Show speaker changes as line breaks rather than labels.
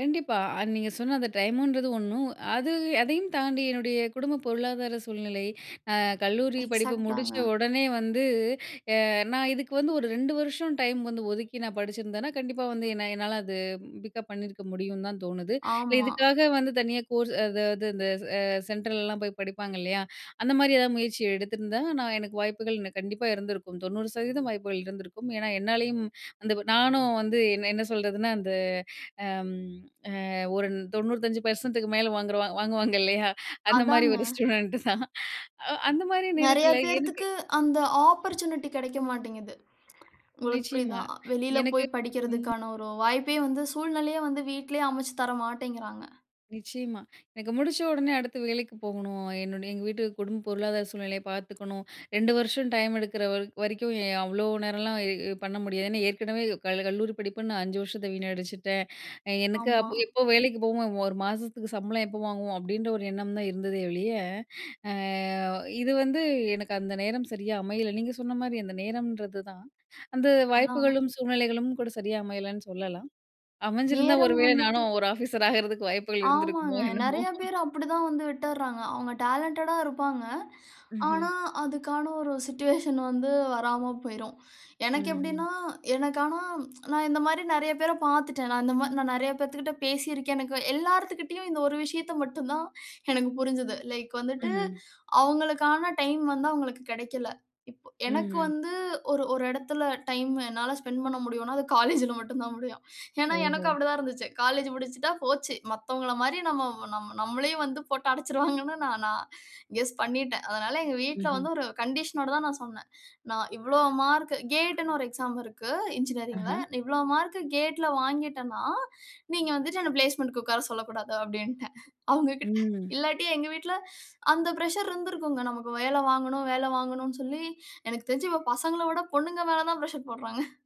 கண்டிப்பா. அது நீங்க சொன்ன அந்த டைமுன்றது ஒண்ணு. அது அதையும் தாண்டி என்னுடைய குடும்ப பொருளாதார சூழ்நிலை. அ கல்லூரி படிப்பு முடிச்ச
எக்ஸாக்டாங்க.
உடனே வந்து, அ நான் இதுக்கு வந்து ஒரு 2 வருஷம் டைம் வந்து ஒதுக்கி, நான் படிச்சிருந்தேன்னா, கண்டிப்பா வந்து என்ன என்னால அது பிக்கப் பண்ணியிருக்க முடியும்னு தான் தோணுது.
ஆமா.
இதுக்காக வந்து தனியா கோர்ஸ் அதாவது இந்த அ சென்ட்ரலலாம் போய் படிப்பாங்க, இல்லையா? அந்த மாரி எதாவது முயற்சி எடுத்திருந்தா, நான் எனக்கு வாய்ப்புகள் கண்டிப்பா இருந்திருக்கும். 90% வாய்ப்புகள் இருந்திருக்கும். ஏன்னா, என்னாலேயும் அந்த நானும் வந்து என்ன என்ன சொல்றதுன்னா, அந்த அம் அ ஒரு 95%க்கு மேல் வாங்குறவ வாங்குவாங்க இல்லையா? அந்த மாரி
அதாங்க.
ஒரு ஸ்டூடண்ட் தான். அ அந்த மாரி
நிறைய
நேரத்தில எனக்கு
பேருத்துக்கு அந்த ஆப்பர்ட்சூனிட்டி கிடைக்க மாட்டிங்கிது. உங்களுக்கு புரியுதா?
நிச்சயமா,
வெளியில
எனக்கு
போய்
ம்.
படிக்கிறதற்கான ஒரு வாய்ப்பே வந்து சூழ்நிலையே வந்து வீட்டிலயே அமைச்சு தரமாட்டேங்கிறாங்க.
நிச்சயமா, எனக்கு முடிச்ச உடனே அடுத்து வேலைக்கு போகணும். என்னுடைய எங்க வீட்டு குடும்ப பொருளாதார சூழ்நிலைய பார்த்துக்கணும். 2 வருஷம் டைம் எடுக்கிற வர வரைக்கும், எ அவ்வளோ நேரம்லாம் இ பண்ண முடியாது. ஏன்னா, ஏற்கனவே கல் கல்லூரி படிப்புன்னு, நான் 5 வருஷத்த வீணடிச்சிட்டேன். எனக்கு
ஆமா.
அப்போ, "எப்போ வேலைக்கு போவோம்? 1 மாதத்துக்கு சம்பளம் எப்போ வாங்குவோம்?" அப்படின்ற ஒரு எண்ணம் தான் இருந்ததே ஒழிய, அ இது வந்து எனக்கு அந்த நேரம் சரியா அமையல. நீங்க சொன்ன மாரி அந்த நேரம்ன்றது தான். அந்த
அதான்.
வாய்ப்புகளும் சூழ்நிலைகளும் கூட சரியா அமையலைன்னு சொல்லலாம். அமைஞ்சிருந்தா, ஒரு
நேரம்
வேளை
வந்துட்டு
நானும் ஒரு ஆபிசர் ஆகுறதுக்கு வாய்ப்புகள் இருந்திருக்குமோ,
ஆமாங்க.
என்னமோ.
நிறைய பேரு அப்பிடித்தான் வந்து விட்டுருறாங்க. அவுங்க டேலன்டடா இருப்பாங்க.
ம்ஹ்ம்.
ஆனா, அதுக்கான ஒரு சிட்யூவேஷன் வந்து வராம போயிரும். எனக்கு
ம்ஹ்ம்.
எப்பிடின்னா, எனக்கு ஆனா, நான் இந்த மாரி நிறைய பேர பார்த்துட்டேன். நான் இந்த மா நான் நிறைய பேத்துகிட்ட பேசியிருக்கேன். எனக்கு எல்லாருத்துகிட்டயும், இந்த ஒரு விஷயத்த மட்டும் தான் எனக்கு புரிஞ்சது. லைக் வந்துட்டு
ம்ஹ்ம்.
அவங்களுக்கான டைம் வந்து அவங்களுக்கு கிடைக்கல. இப்ப எனக்கு
ம்ஹ்ம்.
வந்து, ஒரு ஒரு இடத்தில டைம் என்னால ஸ்பெண்ட் பண்ண முடியும்ன்னா, அது காலேஜ்ல மட்டும் தான் முடியும். ஏன்னா, எனக்கும்
ஓஹோ!
அப்படித்தான் இருந்துச்சு. காலேஜ் முடிச்சுட்டா போச்சு. மத்தவங்கள மாரி, நம்ம நம்ம நம்மளையும் வந்து போட்டு அடைச்சிருவாங்கன்னு நான் நான் கெஸ் பண்ணிட்டேன். அதனால, எங்க வீட்ல
ம்ஹ்ம்.
வந்து ஒரு கண்டிஷனோட தான் நான் சொன்னேன். நான் இவ்வளவு மார்க் கேட்ன்னு ஒரு எக்ஸாம் இருக்கு, என்ஜினியரிங்ல.
அஹா!
"இவ்வளவு மார்க் கேட்ல வாங்கிட்டேன்னா, நீங்க வந்துட்டு என்ன பிளேஸ்மென்ட்க்கு உட்கார சொல்லக்கூடாது." அப்பிடீன்ட்டேன் அவங்ககிட்ட.
ம்.
இல்லாட்டி, எங்க வீட்ல அந்த பிரஷர் இருந்திருக்கும். நமக்கு வேலை வாங்கணும், வேலை வாங்கணும்ன்னு சொல்லி எனக்கு தெரிஞ்சு இப்போ பசங்கள விட பொண்ணுங்க மேல தான் பிரஷர் போடுறாங்க.